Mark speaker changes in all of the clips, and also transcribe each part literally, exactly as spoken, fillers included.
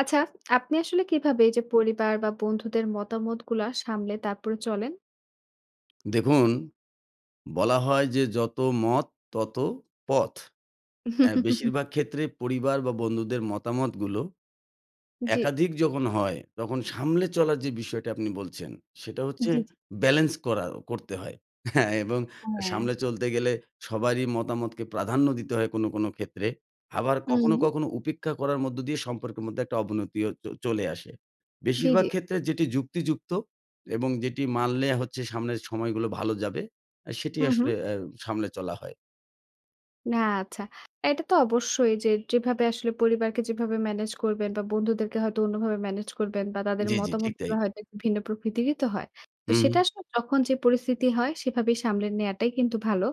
Speaker 1: আচ্ছা, আপনি আসলে কীভাবে এইযে পরিবার বা বন্ধুদের মতামতগুলা সামলে তারপরে চলেন?
Speaker 2: দেখুন, বলা হয় যে, "যত মত তত পথ"। অ্যা বেশিরভাগ ক্ষেত্রে পরিবার বা বন্ধুদের মতামতগুলো,
Speaker 1: জ্বী।
Speaker 2: একাধিক যখন হয়, তখন সামলে চলার যে বিষয়টা আপনি বলছেন সেটা
Speaker 1: জ্বী,
Speaker 2: হচ্চে,
Speaker 1: জ্বী।
Speaker 2: ব্যালেন্স করা, করতে হয় এবং আ
Speaker 1: হ্যাঁ।
Speaker 2: সামলে চলতে গেলে সবারই মতামতকে প্রাধান্য দিতে হয় কোনো, কোনো ক্ষেত্রে। আবার কখনো,
Speaker 1: হুম।
Speaker 2: কখনো উপেক্ষা করার মধ্য দিয়ে সম্পর্কের মধ্যে একটা অবনতিও চ চলে আসে।
Speaker 1: জ্বী,
Speaker 2: বেশিরভাগ
Speaker 1: জ্বী।
Speaker 2: ক্ষেত্রে যেটি যুক্তিযুক্ত এবং যেটি মানলে হচ্ছে সামনের সময়গুলো ভালো যাবে, আ সেটি
Speaker 1: হু, হু।
Speaker 2: আসলে আ সামলে চলা হয়।
Speaker 1: না, আচ্ছা। এটা তো অবশ্যই যে, যেভাবে আসলে পরিবারকে যেভাবে ম্যানেজ করবেন বা বন্ধুদেরকে হয়তো অন্যভাবে ম্যানেজ করবেন বা তাদের
Speaker 2: জ্বী, জ্বী। ঠিক
Speaker 1: মতামতগুলা
Speaker 2: তাই।
Speaker 1: হয়তো একটু ভিন্ন প্রকৃতিরই তো হয়। তো
Speaker 2: হুম।
Speaker 1: সেটা আসলে যখন যে পরিস্থিতি হয়, সেভাবেই সামলে নেয়াটাই কিন্তু ভালো।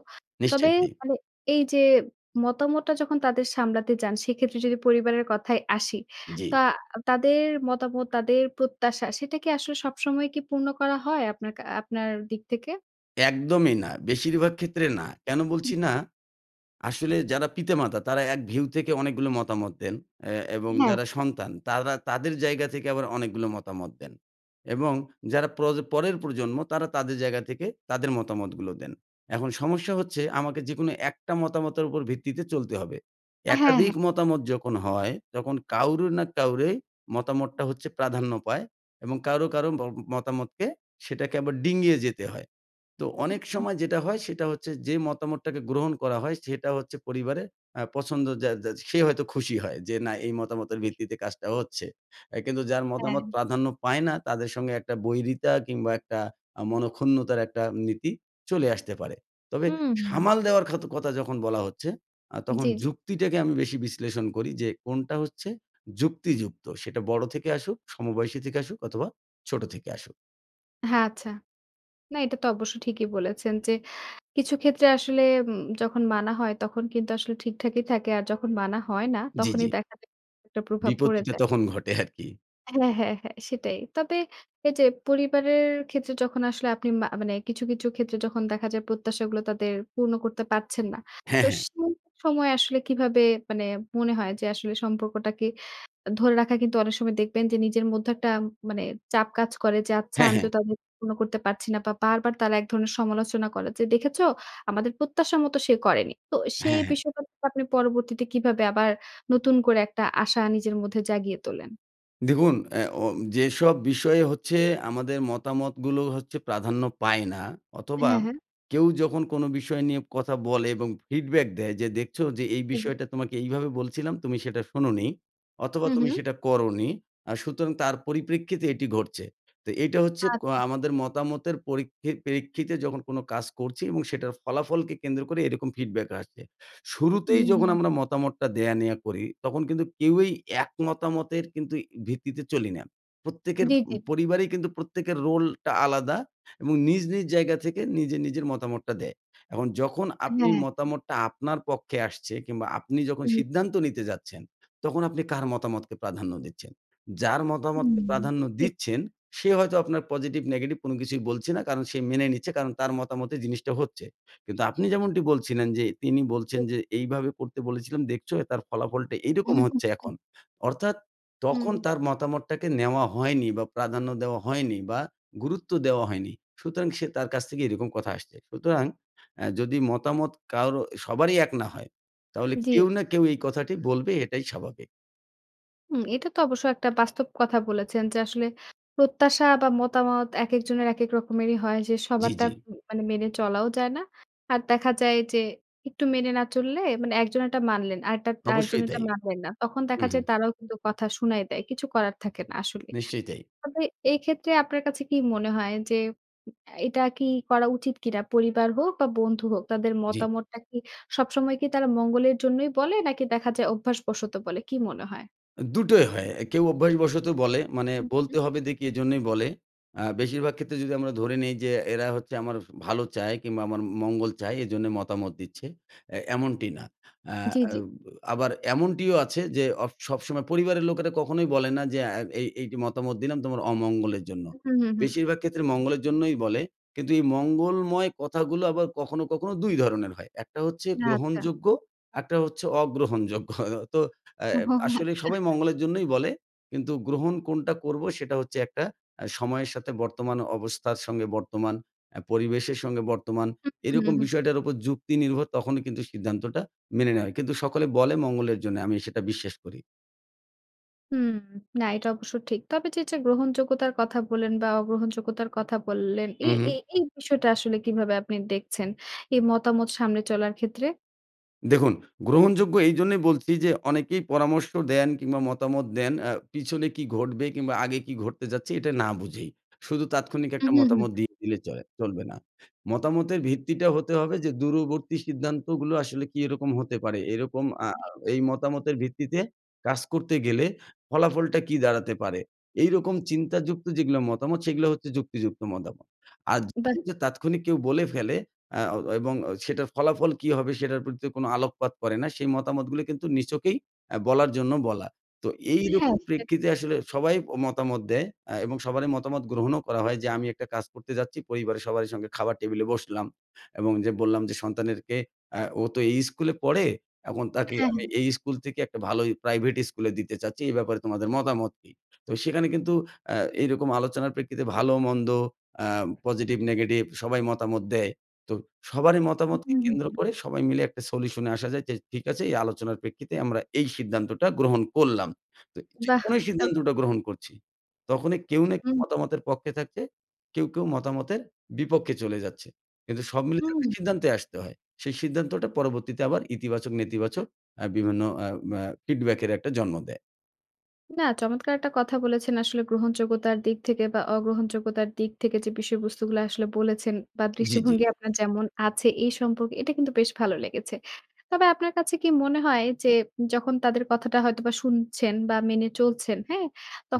Speaker 1: তবে
Speaker 2: নিশ্চয়ই তাই।
Speaker 1: মানে এই যে মতামতটা যখন তাদের সামলাতে যান, সেক্ষেত্রে যদি পরিবারের কথায় আসি।
Speaker 2: জ্বী।
Speaker 1: তা আ তাদের মতামত, তাদের প্রত্যাশা সেটা কি আসলে সবসময় কি পূর্ণ করা হয়? আপনার কা আপনার দিক থেকে?
Speaker 2: একদমই না বেশিরভাগ ক্ষেত্রে না। কেন
Speaker 1: [unintelligible] হুম।
Speaker 2: বলছি না? আসলে যারা পিতা-মাতা, তারা এক ভিউ থেকে অনেকগুলো মতামত দেন অ্যা এবং
Speaker 1: হ্যাঁ।
Speaker 2: যারা সন্তান, তারা তাদের জায়গা থেকে আবার অনেকগুলা মতামত দেন। এবং যারা প্র পরের প্রজন্ম তারা তাদের জায়গা থেকে, তাদের মতামতগুলো দেন। এখন সমস্যা হচ্ছে, আমাকে যে কোনো একটা মতামতের উপর ভিত্তিতে চলতে হবে।
Speaker 1: অ্যা হ্যাঁ,
Speaker 2: একাধিক
Speaker 1: হ্যাঁ।
Speaker 2: মতামত যখন হয়, তখন কাউরো না কাউরে মতামতটা হচ্ছে প্রাধান্য পায় এবং কাউরো, কারো বম মতামতকে সেটাকে আবার ডিঙিয়ে যেতে হয়। তো
Speaker 1: উম
Speaker 2: অনেক
Speaker 1: হুম।
Speaker 2: সময় যেটা হয়, সেটা হচ্ছে যে মতামতটাকে গ্রহণ করা হয়, সেটা হচ্ছে পরিবারের আ পছন্দ যা যা সে হয়তো খুশি হয় যে, না এই মতামতের
Speaker 1: [unintelligible]
Speaker 2: ভিত্তিতে কাজটা হচ্ছে। এ কিন্তু যার মতামত
Speaker 1: হ্যাঁ।
Speaker 2: প্রাধান্য পায় না, তাদের সঙ্গে একটা বৈরিতা কিংবা একটা আ মনঃক্ষুণ্ণতার একটা নীতি চলে আসতে পারে। তবে
Speaker 1: হুম।
Speaker 2: সামাল দেওয়ার খাতো কতা যখন বলা হচ্ছে, আ তখন
Speaker 1: জ্বী, জ্বী।
Speaker 2: যুক্তিটাকে আমি বেশি বিশ্লেষণ করি যে, কোনটা হচ্ছে যুক্তিযুক্ত? সেটা বড়ো থেকে আসুক, সমবয়সী থেকে আসুক অথবা ছোটো থেকে আসুক।
Speaker 1: হ্যাঁ আচ্ছা। না এটা তো অবশ্য ঠিকই বলেছেন যে, কিছু ক্ষেত্রে আসলে উম যখন মানা হয় তখন কিন্তু আসলে ঠিকঠাকই থাকে। আর যখন মানা হয় না
Speaker 2: জি,
Speaker 1: তখনই
Speaker 2: জি।
Speaker 1: দেখা একটা প্রভাব পড়ে
Speaker 2: বিপত্তিটা
Speaker 1: যায়।
Speaker 2: তখন ঘটে আরকি।
Speaker 1: হ্যাঁ, হ্যাঁ, হ্যাঁ সেটাই। তবে এই যে পরিবারের ক্ষেত্রে যখন আসলে আপনি মা মানে কিছু, কিছু ক্ষেত্রে যখন দেখা যায় প্রত্যাশাগুলো তাদের পূর্ণ করতে পারছেন না।
Speaker 2: হ্যাঁ,
Speaker 1: তো
Speaker 2: হ্যাঁ।
Speaker 1: সেই সময় আসলে কিভাবে মানে মনে হয়? যে আসলে সম্পর্কটাকে ধরে রাখা কিন্তু অনেক সময় দেখবেন যে নিজের মধ্যে একটা মানে চাপ কাজ করে যে আচ্ছা
Speaker 2: হ্যাঁ,
Speaker 1: আমি
Speaker 2: হ্যাঁ।
Speaker 1: তো তাদের পূর্ণ করতে পারছি না বা বারবার তারা একধরনের সমালোচনা করে। যে, "দেখেছো আমাদের প্রত্যাশার মতো সে করেনি।" তো সেই
Speaker 2: হ্যা, হ্যাঁ।
Speaker 1: বিষয়টা আপনি পরবর্তীতে কিভাবে আবার নতুন করে একটা আশা নিজের মধ্যে জাগিয়ে তোলেন?
Speaker 2: দেখুন এ ও যেসব বিষয়ে হচ্ছে আমাদের মতামতগুলো হচ্ছে প্রাধান্য পায় না অথবা
Speaker 1: হ্যাঁ, হ্যাঁ।
Speaker 2: কেউ যখন কোনো বিষয় নিয়ে কথা বলে এবং ফিডব্যাক দেয় যে দেখছো যে এই
Speaker 1: হুম।
Speaker 2: বিষয়টা তোমাকে এইভাবে বলছিলাম তুমি সেটা শোনো নি, অথবা
Speaker 1: হুম, হুম।
Speaker 2: তুমি সেটা করো নি আ সুতরাং তার পরিপ্রেক্ষিতে এটি ঘটছে তো এইটা হচ্ছে ক
Speaker 1: আচা।
Speaker 2: আমাদের মতামতের পরীক্ষি পেরিক্ষিতে যখন কোনো কাজ করছি এবং সেটার ফলাফলকে কেন্দ্র করে এরকম ফিডব্যাক আসছে। শুরুতেই যখন
Speaker 1: উম
Speaker 2: আমরা মতামতটা দেয়া নেয়া করি তখন কিন্তু কেউই এক মতামতের কিন্তু ভিত্তিতে চলি না। প্রত্যেকের ম
Speaker 1: জি, জি।
Speaker 2: পরিবারেই কিন্তু প্রত্যেকের রোলটা আলাদা এবং নিজ, নিজ জায়গা থেকে নিজে, নিজের মতামতটা দেয়। এখন যখন
Speaker 1: হ্যাঁ,
Speaker 2: আপনি
Speaker 1: হ্যাঁ।
Speaker 2: মতামতটা আপনার পক্ষে আসছে কিংবা আপনি যখন
Speaker 1: হুম।
Speaker 2: সিদ্ধান্ত নিতে যাচ্ছেন তখন আপনি কার মতামতকে প্রাধান্য দিচ্ছেন? যার মতামতকে
Speaker 1: হুম।
Speaker 2: প্রাধান্য
Speaker 1: ঠিক, ঠিক।
Speaker 2: দিচ্ছেন, সে হয়তো আপনার পজিটিভ নেগেটিভ কোনো কিছুই বলছে না কারণ সে মেনে নিচ্ছে কারণ তার মতামতে জিনিসটা হচ্ছে। কিন্তু আপনি যেমনটি বলছিলেন যে, তিনি বলছেন
Speaker 1: এ
Speaker 2: যে এইভাবে করতে বলেছিলাম দেখছো তার ফলাফলটা
Speaker 1: উ
Speaker 2: এইরকম
Speaker 1: হু,
Speaker 2: হচ্ছে
Speaker 1: হু।
Speaker 2: এখন অর্থাৎ তখন
Speaker 1: হুম।
Speaker 2: তার মতামতটাকে নেওয়া হয়নি বা প্রাধান্য দেওয়া হয়নি বা গুরুত্ব দেওয়া হয়নি। সুতরাং সে তার কাছ থেকে এরকম কথা আসছে। সুতরাং অ্যা যদি মতামত কারো সবারই এক না হয় তাহলে
Speaker 1: জি।
Speaker 2: কেউ না, কেউ এই কথাটি বলবে এটাই স্বাভাবিক।
Speaker 1: উম এটা তো অবশ্য একটা বাস্তব কথা বলেছেন যে আসলে প্রত্যাশা বা মতামত একেকজনের একেক রকমেরই হয় যে
Speaker 2: জ্বি,
Speaker 1: সবারটা
Speaker 2: জ্বি।
Speaker 1: ম মানে মেনে চলাও যায় না। আর দেখা যায় যে একটু মেনে না চললে মানে একজন এরটা মানলেন। আরেকটা
Speaker 2: অবশ্যই
Speaker 1: আরেকজনেরটা
Speaker 2: তাই।
Speaker 1: মানলেন না। তখন
Speaker 2: উ
Speaker 1: দেখা
Speaker 2: হুম।
Speaker 1: যায় তারাও কিন্তু কথা শুনাই দেয় কিছু করার থাকে না আসলে
Speaker 2: নিশ্চয়ই তাই।
Speaker 1: তবে এক্ষেত্রে আপনার কাছে কি মনে হয়? যে উ এটা কি করা উচিত কিনা? পরিবার হোক বা বন্ধু হোক তাদের
Speaker 2: জ্বি।
Speaker 1: মতামতটা কি সবসময় কি তারা মঙ্গলের জন্যই বলে? নাকি দেখা যায় অভ্যাসবশত বলে? কী মনে হয়?
Speaker 2: আ দুটোই হয় কেউ অভ্যাসবশত বলে মানে
Speaker 1: উহ হুম।
Speaker 2: বলতে হবে দেকি এইজন্যই বলে আ বেশিরভাগ ক্ষেত্রে যদি আমরা ধরে নিই যে এরা হচ্ছে আমার ভালো চায় কিংবা আমার মঙ্গল চায় এই জন্যে মতামত দিচ্ছে এ এমনটি না এ
Speaker 1: জ্বি, জ্বি।
Speaker 2: অব আবার এমনটিও আছে যে অ সবসময় পরিবারের লোকেরা কখনোই বলে না যে আ এই এই মতামত দিলাম তোমার অমঙ্গলের জন্য।
Speaker 1: উম হুম, হুম।
Speaker 2: বেশিরভাগ ক্ষেত্রে মঙ্গলের জন্যই বলে কিন্তু এই মঙ্গলময় কথাগুলো আবার কখনো, কখনো দুই ধরনের হয়। একটা হচ্ছে
Speaker 1: আচ্ছা।
Speaker 2: গ্রহণযোগ্য একটা হচ্ছে অগ্রহণযোগ্য তো এ
Speaker 1: ওহ! হ
Speaker 2: আসলে
Speaker 1: আচ্ছা।
Speaker 2: সবাই মঙ্গলের জন্যই বলে কিন্তু গ্রহণ কোনটা করব? সেটা হচ্ছে একটা আ সময়ের সাথে বর্তমান অবস্থার সঙ্গে বর্তমান এ পরিবেশের সঙ্গে বর্তমান
Speaker 1: উম হুম, হুম,
Speaker 2: এরকম
Speaker 1: হুম।
Speaker 2: বিষয়টার উপর যুক্তি নির্ভর তখনই কিন্তু সিদ্ধান্তটা মেনে নেওয়া হয়। কিন্তু সকলে বলে মঙ্গলের জন্যে আমি সেটা বিশ্বাস করি।
Speaker 1: হুম, না এটা অবশ্য ঠিক। তবে যে, যে গ্রহনযোগ্যতার কথা বললেন, বা অগ্রহনযোগ্যতার কথা বললেন, এ
Speaker 2: হুম, হুম।
Speaker 1: এ এই বিষয়টা আসলে কীভাবে আপনি দেখছেন? এই মতামত সামনে চলার ক্ষেত্রে?
Speaker 2: দেখুন গ্রহণযোগ্য এই জন্যই বলছি যে, অনেকেই পরামর্শ দেন কিংবা মতামত দেন, অ্যা পিছনে কী ঘটবে? কিংবা আগে কী ঘটতে যাচ্ছে? এটা না বুঝেই। শুধু তাৎক্ষণিক
Speaker 1: হুম,
Speaker 2: একটা
Speaker 1: হুম, হুম।
Speaker 2: মতামত দিয়ে দিলে চলে চলবে না। মতামতের ভিত্তিটা হতে হবে যে দূরবর্তী সিদ্ধান্তগুলো আসলে কী রকম হতে পারে? এরকম আ
Speaker 1: জি।
Speaker 2: এই মতামতের ভিত্তিতে কাজ করতে গেলে ফলাফলটা কী দাঁড়াতে পারে? এইরকম চিন্তা যুক্ত যেগুলো মতামত সেগুলো হচ্ছে যুক্তিযুক্ত মতামত। আর
Speaker 1: বাহ!
Speaker 2: যদি তাৎক্ষণিক কেউ বলে ফেলে অ্যা অ এবং সেটার ফলাফল কী হবে? সেটার প্রতি কোনো আলোকপাত করে না, সেই মতামতগুলো কিন্তু নিছকেই এ বলার জন্য বলা। তো
Speaker 1: হ্যাঁ।
Speaker 2: এইরকম
Speaker 1: সেটা ঠিক।
Speaker 2: প্রেক্ষিতে আসলে সবাই অ মতামত দেয়, অ্যা এবং সবারই মতামত গ্রহণও করা হয় যে, আমি একটা কাজ করতে যাচ্ছি পরিবারের সবারই সঙ্গে খাবার টেবিলে বসলাম এবং যে বললাম যে সন্তানেরকে "অ্যা ও তো এই স্কুলে পড়ে, এখন তাকে
Speaker 1: হ্যাঁ,
Speaker 2: আমি
Speaker 1: হ্যাঁ।
Speaker 2: এই স্কুল থেকে একটা ভালোই প্রাইভেট স্কুলে দিতে চাচ্চি। এই ব্যাপারে তোমাদের মতামত কি?" তো সেখানে কিন্তু অ্যা এইরকম আলোচনার প্রেক্ষিতে ভালো মন্দ, অ্যা পজিটিভ নেগেটিভ সবাই মতামত দেয়। তো সবারই
Speaker 1: হুম,
Speaker 2: মতামতকে কেন্দ্র
Speaker 1: হুম
Speaker 2: করে সবাই মিলে একটা সলিউশনে আসা যায়। যে ঠিক আছে এই আলোচনার প্রেক্ষিতে আমরা এই সিদ্ধান্তটা গ্রহণ করলাম। তো
Speaker 1: বাহ
Speaker 2: যখনই সিদ্ধান্তটা
Speaker 1: চমৎকার!
Speaker 2: গ্রহণ করছি, তখনই কেউ না কেউ
Speaker 1: হুম।
Speaker 2: মতামতের পক্ষে থাকছে, কেউ, কেউ মতামতের বিপক্ষে চলে যাচ্ছে। কিন্তু সব মিলে একটা
Speaker 1: হুম।
Speaker 2: সিদ্ধান্তে আসতে হয়। সেই সিদ্ধান্তটা পরবর্তীতে আবার ইতিবাচক, নেতিবাচক বিভিন্ন অ্যা ম্যা ফিডব্যাক এর একটা জন্ম দেয়।
Speaker 1: না। চমৎকার একটা কথা বলেছেন। আসলে গ্রহণযোগ্যতার দিক থেকে বা অগ্রহণযোগ্যতার দিক থেকে যে বিষয়বস্তুগুলা আসলে বলেছেন, বা
Speaker 2: জি, জি।
Speaker 1: দৃষ্টিভঙ্গি আপনার যেমন আছে এই সম্পর্কে। এটা কিন্তু বেশ ভালো লেগেছে। তবে আপনার কাছে কি মনে হয়? যে, যখন তাদের কথাটা হয়তোবা শুনছেন। বা মেনে চলছেন হ্যাঁ?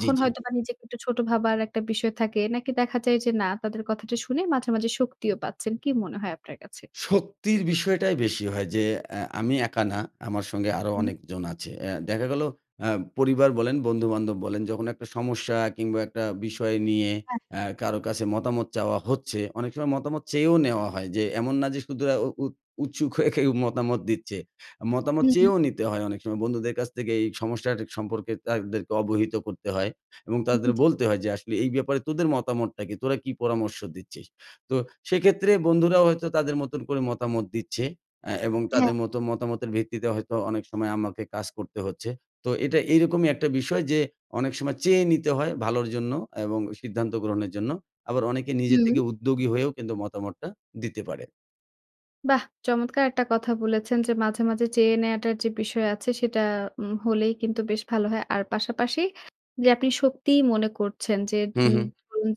Speaker 2: জি, জি।
Speaker 1: হয়তোবা নিজেকে একটু ছোট ভাবার একটা বিষয় থাকে। নাকি দেখা যায় যে না তাদের কথাটা শুনে মাঝে, মাঝে শক্তিও পাচ্ছেন। কী মনে হয় আপনার কাছে?
Speaker 2: শক্তির বিষয়টাই বেশি হয় যে, অ্যা আমি একা না আমার সঙ্গে আরও
Speaker 1: হুম।
Speaker 2: অনেকজন আছে। অ্যা দেখা গেলো হ পরিবার বলেন, বন্ধু-বান্ধব বলেন। যখন একটা সমস্যা কিংবা একটা বিষয় নিয়ে
Speaker 1: হ্যাঁ।
Speaker 2: অ্যা কারো কাছে মতামত চাওয়া হচ্ছে। অনেক সময় মতামত চেয়েও নেওয়া হয়। যে এমন না যে শুধু উৎ উৎসুক হয়ে কেউ মতামত দিচ্ছে। মতামত
Speaker 1: হু, হু।
Speaker 2: চেয়েও নিতে হয় অনেক সময় বন্ধুদের কাছ থেকে। এই সমস্যা সম্পর্কে তাদেরকে অবহিত করতে হয়। এবং
Speaker 1: উ
Speaker 2: তাদের
Speaker 1: উ জি।
Speaker 2: বলতে হয় যে আসলে "এই ব্যাপারে তোদের মতামতটা কি? তোরা কী পরামর্শ দিচ্ছিস?" তো সেক্ষেত্রে বন্ধুরাও হয়তো তাদের মতন করে মতামত দিচ্ছে। আ এবং তাদের
Speaker 1: হ্যাঁ।
Speaker 2: মতো মতামতের ভিত্তিতে হয়তো অনেক সময় আমাকে কাজ করতে হচ্ছে। তো এটা এইরকমই একটা বিষয় যে, অনেক সময় চেয়ে নিতে হয় ভালোর জন্য। এবং সিদ্ধান্ত গ্রহণের জন্য। আবার অনেকে নিজে
Speaker 1: হুম।
Speaker 2: থেকে উদ্যোগী হয়েও কিন্তু মতামতটা দিতে পারে।
Speaker 1: বাহ! চমৎকার একটা কথা বলেছেন যে, মাঝে, মাঝে চেয়ে নেয়াটার যে বিষয় আছে, সেটা উম হলেই কিন্তু বেশ ভালো হয় আর পাশাপাশি যে আপনি সত্যিই মনে করছেন যে,
Speaker 2: হুম,
Speaker 1: উম
Speaker 2: হুম।
Speaker 1: ধরুন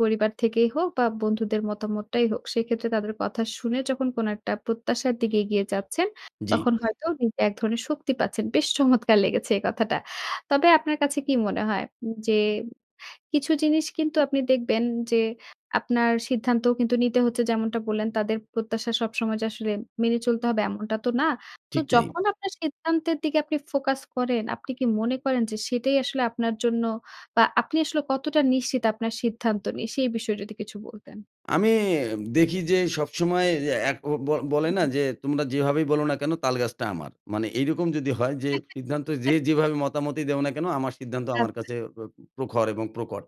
Speaker 1: পরিবার থেকেই হোক বা বন্ধুদের মতামতটাই হোক, সেক্ষেত্রে তাদের কথা শুনে যখন কোন একটা প্রত্যাশার দিকে এগিয়ে যাচ্ছেন,
Speaker 2: জ্বি।
Speaker 1: তখন হয়তো নিজে এক ধরনের শক্তি পাচ্ছেন। বেশ চমৎকার লেগেছে এই কথাটা! তবে আপনার কাছে কী মনে হয়? উম যে কিছু জিনিস কিন্তু আপনি দেখবেন যে, আপনার সিদ্ধান্তও কিন্তু নিতে হচ্ছে যেমনটা বললেন তাদের প্রত্যাশা সবসময় যে আসলে মেনে চলতে হবে এমনটা তো না। তো
Speaker 2: ঠিক তাই।
Speaker 1: যখন আপনার সিদ্ধান্তের দিকে আপনি ফোকাস করেন, আপনি কি মনে করেন যে সেটাই আসলে আপনার জন্য বা আপনি আসলে কতটা নিশ্চিত আপনার সিদ্ধান্ত নিয়ে? সেই বিষয়ে যদি কিছু বলতেন।
Speaker 2: আমি অ্যা দেখি যে সবসময় যে, একো ব বলে
Speaker 1: হুম,
Speaker 2: না
Speaker 1: হুম।
Speaker 2: যে, "তোমরা যেভাবেই বলো না কেন, তালগাছটা আমার" মানে এইরকম যদি হয় যে, "সিদ্ধান্ত যে যেভাবে মতামতই দেও না কেন, আমার সিদ্ধান্ত আমার
Speaker 1: আচ্ছা।
Speaker 2: কাছে প প্রখর এবং প্রকট।"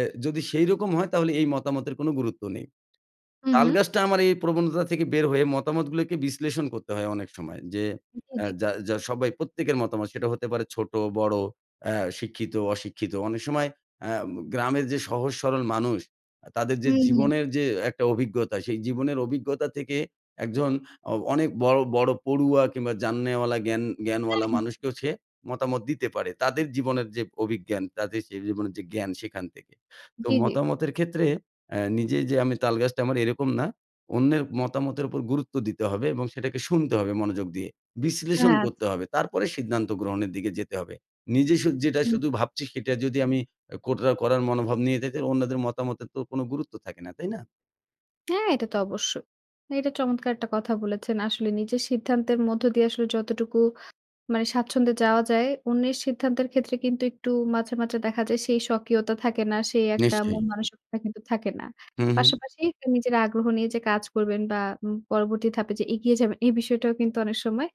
Speaker 2: এ যদি সেইরকম হয় তাহলে এই মতামতের কোনো গুরুত্ব নেই।
Speaker 1: উম হুম।
Speaker 2: তালগাছটা আমার এই প্রবণতা থেকে বের হয়ে মতামতগুলোকে বিশ্লেষণ করতে হয় অনেক সময় যে,
Speaker 1: হুম, হুম
Speaker 2: আ
Speaker 1: জি।
Speaker 2: যা যা সবাই প্রত্যেকের মতামত, সেটা হতে পারে ছোটো, বড়ো অ্যা শিক্ষিত, অশিক্ষিত অনেক সময় আ ম গ্রামের যে সহজ সরল মানুষ, আ তাদের যে
Speaker 1: হুম, হুম।
Speaker 2: জীবনের যে একটা অভিজ্ঞতা, সেই জীবনের অভিজ্ঞতা থেকে একজন অ অনেক বড়ো, বড়ো পড়ুয়া কিংবা জাননেওয়ালা জ্ঞান
Speaker 1: হ্যাঁ,
Speaker 2: জ্ঞানওয়ালা
Speaker 1: হ্যাঁ।
Speaker 2: মানুষকেও সে মতামত দিতে পারে। তাদের জীবনের যে অভিজ্ঞান তাদের সেই জীবনের যে জ্ঞান, সেখান থেকে। তো
Speaker 1: জ্বি, জ্বি।
Speaker 2: মতামতের ক্ষেত্রে, "অ্যা নিজেই যে আমি, তালগাছটা আমার" এরকম না। অন্যের মতামতের ওপর গুরুত্ব দিতে হবে এবং সেটাকে শুনতে হবে মনোযোগ দিয়ে। বিশ্লেষণ
Speaker 1: আচ্ছ
Speaker 2: করতে হবে তারপরে সিদ্ধান্ত গ্রহণের দিকে যেতে হবে। নিজে শু যেটা
Speaker 1: হুম।
Speaker 2: শুধু ভাবছি সেটা যদি আমি আ কোট্রা করার মনোভাব নিয়ে [unintelligible] অন্যদের মতামতের তো কোনো গুরুত্ব থাকে না, তাই না?
Speaker 1: হ্যাঁ, এটা তো অবশ্যই। এটা চমৎকার একটা কথা বলেছেন। আসলে নিজের সিদ্ধান্তের মধ্য দিয়ে আসলে যতটুকু মানে স্বাচ্ছন্দ্যে যাওয়া যায় অন্যের সিদ্ধান্তের ক্ষেত্রে কিন্তু একটু মাঝে, মাঝে দেখা যায় সেই স্বকীয়তা থাকে না, সেই একটা
Speaker 2: নিশ্চয়ই।
Speaker 1: মন-মানসিকতা কিন্তু থাকে না।
Speaker 2: হুম, হুম।
Speaker 1: পাশাপাশি নিজের আগ্রহ নিয়ে যে কাজ করবেন বা উ পরবর্তী ধাপে যে এগিয়ে যাবেন এই বিষয়টাও কিন্তু অনেক সময়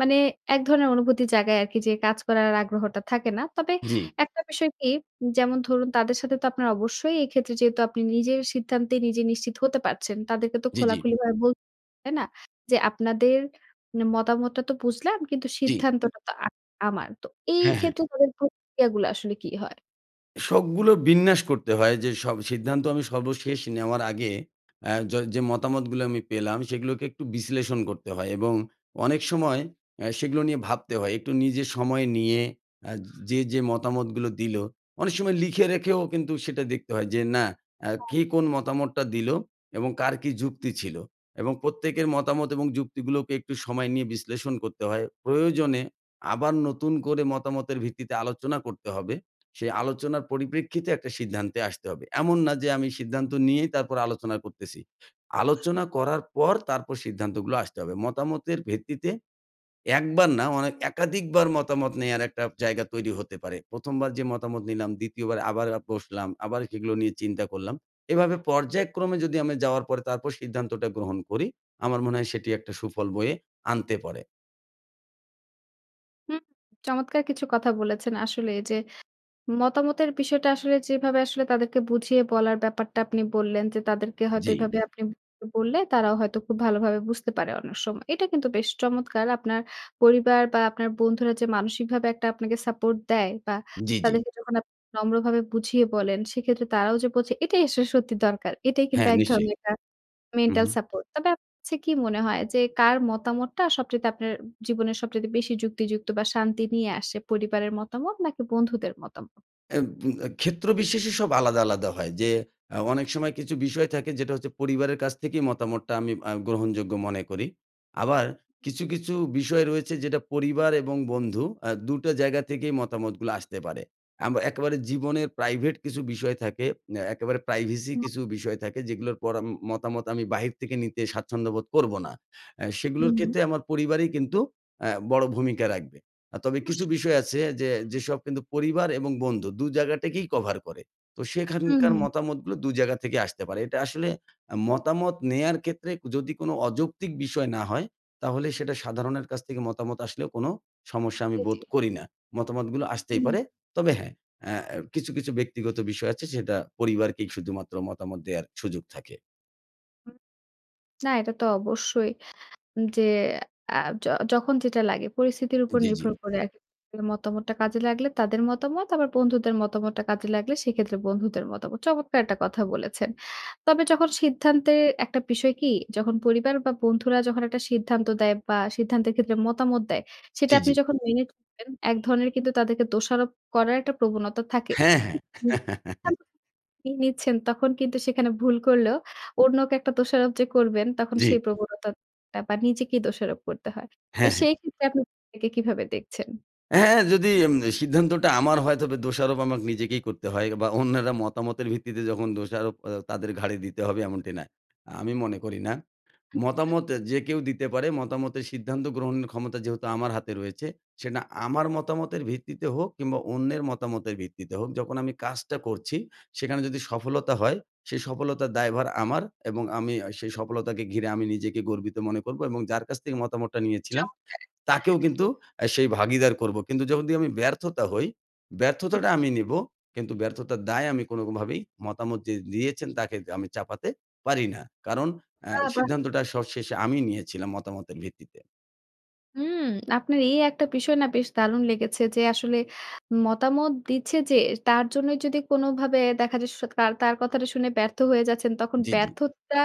Speaker 1: মানে এক ধরণের অনুভূতির জায়গায় আরকি যে কাজ করার আগ্রহটা থাকে না। তবে
Speaker 2: জ্বী।
Speaker 1: একটা বিষয় কি যেমন ধরুন তাদের সাথে তো আপনার অবশ্যই এই ক্ষেত্রে যেহেতু আপনি নিজের সিদ্ধান্ত নিজে নিশ্চিত হতে পারছেন, তাদেরকে তো
Speaker 2: জ্বী, জ্বী।
Speaker 1: খোলাখুলিভাবে বলতে হবে। তাই না? যে আপনাদের মানে মতামতটা তো বুঝলাম। কিন্তু
Speaker 2: জ্বী।
Speaker 1: সিদ্ধান্তটা তো আ আমার। তো এই
Speaker 2: হ্যাঁ, হ্যাঁ।
Speaker 1: ক্ষেত্রে তাদের প্রতিক্রিয়াগুলা আসলে কী হয়?
Speaker 2: সবগুলো বিন্যাস করতে হয় যে সব সিদ্ধান্ত আমি সর্বশেষ নেওয়ার আগে আ য যে মতামতগুলো আমি পেলাম সেগুলোকে একটু বিশ্লেষণ করতে হয় এবং অনেক সময় আ সেগুলো নিয়ে ভাবতে হয়। একটু নিজের সময় নিয়ে আ যে, যে মতামতগুলো দিলো অনেক সময় লিখে রেখেও কিন্তু সেটা দেখতে হয় যে না আ
Speaker 1: হ্যা।
Speaker 2: কে কোন মতামতটা দিলো এবং কার কী যুক্তি ছিল এবং প্রত্যেকের মতামত এবং যুক্তিগুলোকে একটু সময় নিয়ে বিশ্লেষণ করতে হয়। প্রয়োজনে আবার নতুন করে মতামতের ভিত্তিতে আলোচনা করতে হবে। সেই আলোচনার পরিপ্রেক্ষিতে একটা সিদ্ধান্তে আসতে হবে। এমন না যে আমি সিদ্ধান্ত নিয়েই তারপর আলোচনা করতেছি, আলোচনা করার পর তারপর সিদ্ধান্তগুলো আসতে হবে। মতামতের ভিত্তিতে একবার না মানে একাধিকবার মতামত নেওয়ার একটা জায়গা তৈরি হতে পারে। প্রথম বার যে মতামত নিলাম, দ্বিতীয় বার আবার বসলাম, আবার সেগুলো নিয়ে চিন্তা করলাম। এভাবে পর্যায়ক্রমে যদি আমি যাওয়ার পরে তারপর সিদ্ধান্তটা গ্রহণ করি, আমার মনে হয় সেটি একটা সুফল বয়ে আনতে পরে।
Speaker 1: হুম চমৎকার কিছু কথা বলেছেন আসলে যে, মতামতের বিষয়টা আসলে যেভাবে আসলে তাদেরকে বুঝিয়ে বলার ব্যাপারটা আপনি বললেন যে, তাদেরকে হয়তো
Speaker 2: জ্বি।
Speaker 1: এভাবে আপনি উ বললে তারাও হয়তো খুব ভালোভাবে বুঝতে পারে অনেক সময়। এটা কিন্তু বেশ চমৎকার! আপনার পরিবার বা আপনার বন্ধুরা যে মানসিকভাবে একটা আপনাকে সাপোর্ট দেয় বা
Speaker 2: জ্বি, জ্বি।
Speaker 1: তাদেরকে যখন আপ নম্রভাবে বুঝিয়ে বলেন, সেক্ষেত্রে তারাও যে বোঝে এটাই আসলে সত্যি দরকার। এটাই কিন্তু
Speaker 2: হ্যাঁ
Speaker 1: এক
Speaker 2: নিশ্চয়ই।
Speaker 1: ধরনের একটা
Speaker 2: উ
Speaker 1: মেন্টাল
Speaker 2: হুম।
Speaker 1: সাপোর্ট। তবে আপ ছে কি মনে হয়, যে কার মতামতটা সবচাইতে আপনার অ্যা জীবনের সবচাইতে বেশি যুক্তিযুক্ত বা শান্তি নিয়ে আসে, পরিবারের মতামত? নাকি বন্ধুদের মতাম
Speaker 2: এ বু আ ক্ষেত্র বিশেষে সব আলাদা, আলাদা হয় যে, আ অনেক সময় কিছু বিষয় থাকে, যেটা হচ্ছে পরিবারের কাছ থেকে মতামতটা আমি আ গ্রহণযোগ্য মনে করি, আবার
Speaker 1: উম
Speaker 2: কিছু,
Speaker 1: হুম।
Speaker 2: কিছু বিষয় রয়েছে যেটা পরিবার এবং বন্ধু, আ দুটা জায়গা থেকেই মতামতগুলো আসতে পারে। আম একেবারে জীবনের প্রাইভেট কিছু বিষয় থাকে, অ্যা একেবারে প্রাইভেসি
Speaker 1: [unintelligible]
Speaker 2: কিছু বিষয় থাকে যেগুলোর পর ম মতামত আমি বাহির থেকে নিতে স্বাচ্ছন্দ্যবোধ করবো না। আ সেগুলোর
Speaker 1: হুম।
Speaker 2: ক্ষেত্রে আমার পরিবারই কিন্তু, অ্যা বড় ভূমিকা রাখবে। আ তবে কিছু
Speaker 1: অবশ্যই।
Speaker 2: বিষয় আছে যে, যেসব কিন্তু পরিবার এবং বন্ধু, দু জায়গাটাকেই কভার করে। তো সেখানকার
Speaker 1: উম
Speaker 2: মতামতগুলো দু জায়গা থেকে আসতে পারে। এটা আসলে অ্যা মতামত নেয়ার ক্ষেত্রে যদি কোন অযৌক্তিক বিষয় না হয়, তাহলে সেটা সাধারণের কাছ থেকে মতামত আসলেও কোন সমস্যা আমি
Speaker 1: জি,
Speaker 2: বোধ
Speaker 1: জি।
Speaker 2: করি না। মতামতগুলো আসতেই
Speaker 1: উম
Speaker 2: পারে। তবে হ্যাঁ, অ্যা অ্যা কিছু, কিছু ব্যক্তিগত বিষয় আছে সেটা পরিবারকেই শুধুমাত্র মতামত দেওয়ার সুযোগ থাকে।
Speaker 1: না, এটা তো অবশ্যই যে অ্যা য যখন যেটা লাগে, পরিস্থিতির উপর
Speaker 2: জি, জি।
Speaker 1: নির্ভর করে [unintelligible] মতামতটা কাজে লাগলে তাদের মতামত, আবার বন্ধুদের মতামতটা কাজে লাগলে সেক্ষেত্রে বন্ধুদের মতামত। চমৎকার একটা কথা বলেছেন। তবে যখন সিদ্ধান্তের, একটা বিষয় কী? যখন পরিবার বা বন্ধুরা যখন একটা সিদ্ধান্ত দেয়, বা সিদ্ধান্তের ক্ষেত্রে মতামত দেয়, সেটা
Speaker 2: জি, জি।
Speaker 1: আপনি যখন মেনে চলেন। এক ধরনের কিন্তু তাদেরকে দোষারোপ করার একটা প্রবণতা থাকে।
Speaker 2: হ্যাঁ, হ্যাঁ।
Speaker 1: [unintelligible] নিয়ে নিচ্ছেন তখন কিন্তু সেখানে ভুল করলেও অন্যকে একটা দোষারোপ যে করবেন তখন
Speaker 2: জি।
Speaker 1: সেই প্রবণতাটা, বা নিজেকেই দোষারোপ করতে হয়। তো
Speaker 2: হ্যাঁ, হ্যাঁ।
Speaker 1: সেই ক্ষেত্রে আপনি এটাকে কিভাবে দেখছেন?
Speaker 2: হ্যাঁ, যদি আম সিদ্ধান্তটা আমার হয়, তবে দোষারোপ আমাকে নিজেকেই করতে হয়। বা অন্যেরা মতামতের ভিত্তিতে যখন দোষারোপ অ্যা তাদের ঘাড়ে দিতে হবে এমনটি না। আমি মনে করি না,
Speaker 1: হুম, হু।
Speaker 2: মতামত যে কেউ দিতে পারে মতামতের সিদ্ধান্ত গ্রহণের ক্ষমতা যেহেতু আমার হাতে রয়েছে, সেটা আমার মতামতের ভিত্তিতে হোক, কিংবা অন্যের মতামতের ভিত্তিতে হোক যখন আমি কাজটা করছি, সেখানে যদি সফলতা হয়, সেই সফলতার দায়ভার আমার। এবং আমি সেই সফলতাকে ঘিরে আমি নিজেকে গর্বিত মনে করব। এবং যার কাছ থেকে মতামতটা নিয়েছিলাম
Speaker 1: চমৎকার!
Speaker 2: তাকেও কিন্তু আ সেই ভাগীদার করব। কিন্তু যখন আমি ব্যর্থতা হই,
Speaker 1: হু,
Speaker 2: ব্যর্থতাটা
Speaker 1: হুম।
Speaker 2: আমি নিব। কিন্তু ব্যর্থতার দায়ে আমি কোনভাবেই মতামত যে দিয়েছেন, তাকে দি আমি চাপাতে পারি না। কারন অ্যা
Speaker 1: বাহ, বাহ!
Speaker 2: সিদ্ধান্তটা সব শেষে আমি নিয়েছিলাম মতামতের ভিত্তিতে।
Speaker 1: উম আপনার এই একটা বিষয় না বেশ দারুণ লেগেছে যে, আসলে মতামত দিচ্ছে যে, তার জন্যই যদি কোন ভাবে দেখা যায় স কার তার কথাটা শুনে ব্যর্থ হয়ে যাচ্ছেন, তখন
Speaker 2: জি, জি।
Speaker 1: ব্যর্থতা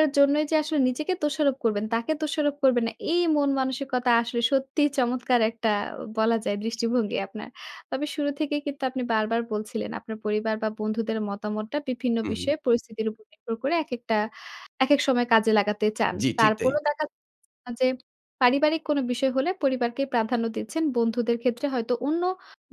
Speaker 1: এর জন্যই যে আসলে নিজেকে দোষারোপ করবেন, তাকে দোষারোপ করবেন না এই মন মানসিকতা আসলে সত্যিই চমৎকার একটা বলা যায় দৃষ্টিভঙ্গি আপনার, তবে শুরু থেকেই কিন্তু আপনি বারবার বলছিলেন, আপনার পরিবার বা বন্ধুদের মতামতটা বিভিন্ন
Speaker 2: হুম, হুম।
Speaker 1: বিষয়ে, পরিস্থিতির উপর নির্ভর করে একেকটা একেক সময় কাজে লাগাতে চান।
Speaker 2: জি, ঠিক তাই।
Speaker 1: তারপরও দেখা আ যে, পারিবারিক কোন বিষয় হলে, পরিবারকেই প্রাধান্য দিচ্ছেন। বন্ধুদের ক্ষেত্রে হয়তো অন্য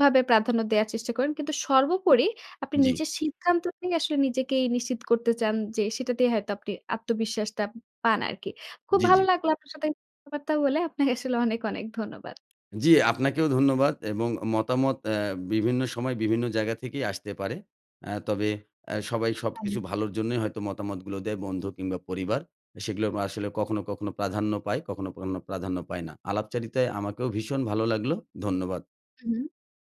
Speaker 1: ভাবে প্রাধান্য দেয়ার চেষ্টা করেন। কিন্তু সর্বোপরি আপনি
Speaker 2: জি।
Speaker 1: নিজের সিদ্ধান্ত নিয়ে আসলে নিজেকেই নিশ্চিত করতে চান যে, সেটাতেই হয়তো আপনি আত্মবিশ্বাসটা উম পান আরকি। খুব
Speaker 2: জি, জি।
Speaker 1: ভালো লাগলো আপনার সাথে আ বার্তা বলে। আপ্নে আসলে অনেক, অনেক ধন্যবাদ।
Speaker 2: জি, আপনাকেও ধন্যবাদ এবং মতামত অ্যা বিভিন্ন সময়, বিভিন্ন জায়গা থেকেই আসতে পারে। আ তবে আ সবাই সবকিছু
Speaker 1: হ্যাঁ।
Speaker 2: ভালোর জন্যই হয়তো মতামতগুলো দেয়, বন্ধু কিংবা পরিবার, আ সেগুলোও আসলে কখনো, কখনো প্রাধান্য পায়, কখনো, কখনো প্রাধান্য পায় না। আলাপচারিতায় আমাকেও ভীষণ ভালো লাগলো ধন্যবাদ।
Speaker 1: হুম, হুম।